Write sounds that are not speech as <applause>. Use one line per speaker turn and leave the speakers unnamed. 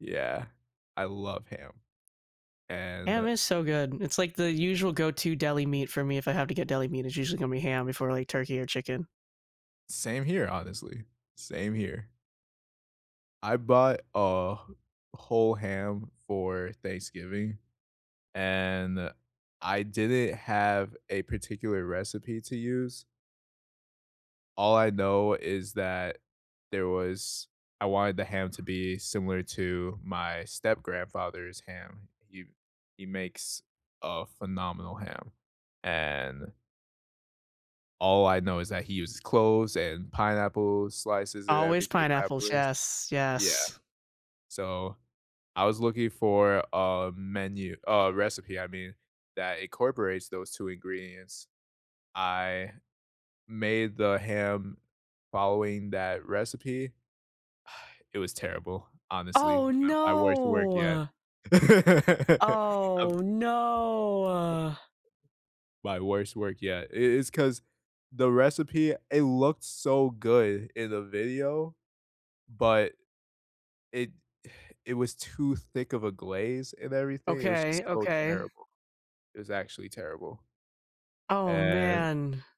Yeah. I love ham,
Ham
and
is so good, it's like, the usual go-to deli meat for me if I have to get deli meat, it's usually gonna be ham before, like, turkey or chicken.
Same here, honestly, same here. I bought a wh whole ham for Thanksgiving, and I didn't have a particular recipe to use all I know is that there was I wanted the ham to be similar to my step-grandfather's ham, he he makes a phenomenal ham, and all I know is that he uses cloves and pineapple slices and
Always
everything I
pineapples,
believe.
yes,
Yeah.
yes.
So, I was looking for a menu a recipe, I mean, that incorporates those 2 ingredients. I made the ham following that recipe. <sighs> It was terrible, honestly,
Oh,
my my worst work yet.
no.
<laughs> I'm
Oh,
He.
no.
My worst work yet, i it's 'cause the recipe it looked so good in the video, but it <exhales> it was too thick of a glaze and everything, it was just
Okay,
so
okay.
terrible. It was actually terrible.
Oh,
And
man.